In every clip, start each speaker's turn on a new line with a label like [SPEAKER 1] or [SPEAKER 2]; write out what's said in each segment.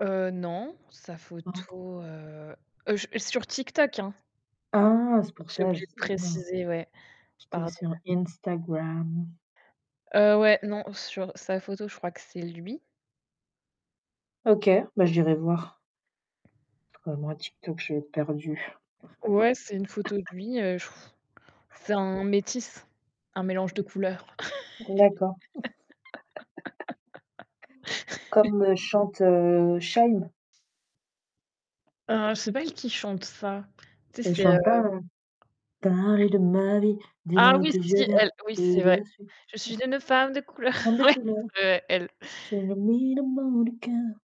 [SPEAKER 1] Heu, non, sa photo,
[SPEAKER 2] [unintelligible]
[SPEAKER 1] heu, je sur TikTok, hein?
[SPEAKER 2] Ah c'est pour
[SPEAKER 1] J'ai
[SPEAKER 2] ça, je
[SPEAKER 1] oublié de
[SPEAKER 2] sais [unintelligible]
[SPEAKER 1] préciser, ouais,
[SPEAKER 2] j'étais
[SPEAKER 1] pardon.
[SPEAKER 2] sur Instagram.
[SPEAKER 1] Heu, ouais, non, sur sa photo, je crois que c'est lui.
[SPEAKER 2] OK, beh, j'irai voir. Parce que, ah moi TikTok, je vais être perdue.
[SPEAKER 1] Ouais, c'est une photo de lui, heu, c'est un métisse, un mélange de couleurs.
[SPEAKER 2] D'accord. Comme le chante, heu, Shy'm?
[SPEAKER 1] Heu, c'est pas elle qui chante ça. Tu sais?
[SPEAKER 2] Elle
[SPEAKER 1] C'est, heu
[SPEAKER 2] chante pas, heu, parler de ma vie, dis-moi
[SPEAKER 1] Ah
[SPEAKER 2] avec
[SPEAKER 1] oui
[SPEAKER 2] qui je
[SPEAKER 1] si
[SPEAKER 2] viens,
[SPEAKER 1] elle, oui
[SPEAKER 2] qui
[SPEAKER 1] c'est
[SPEAKER 2] est de
[SPEAKER 1] vrai.
[SPEAKER 2] la suite.
[SPEAKER 1] Je suis une femme de couleur,
[SPEAKER 2] Femme de
[SPEAKER 1] ouais,
[SPEAKER 2] couleur.
[SPEAKER 1] ouais, elle.
[SPEAKER 2] J'ai le mine au mot du cœur.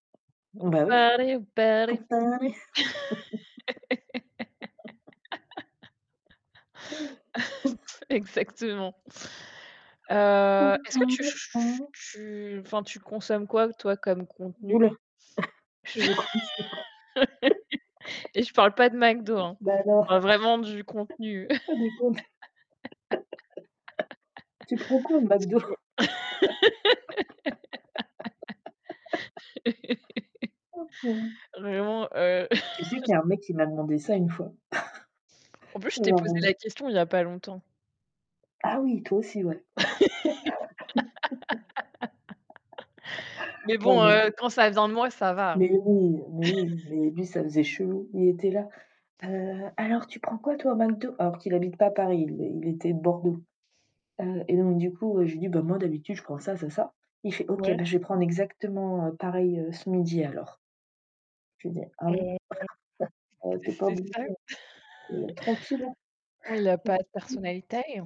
[SPEAKER 2] Bah, oui
[SPEAKER 1] Parler ou parler.
[SPEAKER 2] pour parler
[SPEAKER 1] Exactement.
[SPEAKER 2] pour
[SPEAKER 1] Heu,
[SPEAKER 2] que
[SPEAKER 1] est-ce
[SPEAKER 2] tu
[SPEAKER 1] que
[SPEAKER 2] en
[SPEAKER 1] tu ch
[SPEAKER 2] restes
[SPEAKER 1] ch
[SPEAKER 2] en
[SPEAKER 1] ch
[SPEAKER 2] haut
[SPEAKER 1] tu, enfin, tu consommes quoi toi comme contenu?
[SPEAKER 2] Oula, je compte sur le
[SPEAKER 1] Et je parle pas de McDo, hein,
[SPEAKER 2] Bah, alors.
[SPEAKER 1] vraiment du contenu.
[SPEAKER 2] Ah des comptes. Tu prends quoi au
[SPEAKER 1] Si
[SPEAKER 2] McDo?
[SPEAKER 1] tu vois
[SPEAKER 2] Oh purée.
[SPEAKER 1] vraiment, heu
[SPEAKER 2] Tu sais qu'il y un mec qui m'a demandé ça une fois.
[SPEAKER 1] En plus, je t'ai posé
[SPEAKER 2] Genre, heu
[SPEAKER 1] la question il y a pas longtemps.
[SPEAKER 2] Ah oui, toi aussi ouais.
[SPEAKER 1] Mais
[SPEAKER 2] Non,
[SPEAKER 1] bon,
[SPEAKER 2] mais
[SPEAKER 1] heu, quand ça vient de moi, ça va.
[SPEAKER 2] Mais oui, mais oui, mais lui ça faisait chelou, il était là: «Heu, alors tu prends quoi toi au McDo?» alors qu'il habite pas Paris, il était Bordeaux, heu et donc du coup, j'ai dit: «Beh, moi d'habitude, je prends ça, ça et ça». Il fait OK,
[SPEAKER 1] Ouais.
[SPEAKER 2] beh, je vais prendre exactement pareil ce midi alors. Je lui dis: «Ah bon?
[SPEAKER 1] Heu
[SPEAKER 2] Heu,
[SPEAKER 1] c'est
[SPEAKER 2] tu es pas
[SPEAKER 1] c'est
[SPEAKER 2] obligé,
[SPEAKER 1] ça.
[SPEAKER 2] heu, tranquille hein».
[SPEAKER 1] Oui, il a pas de
[SPEAKER 2] [unintelligible]
[SPEAKER 1] personnalité, heu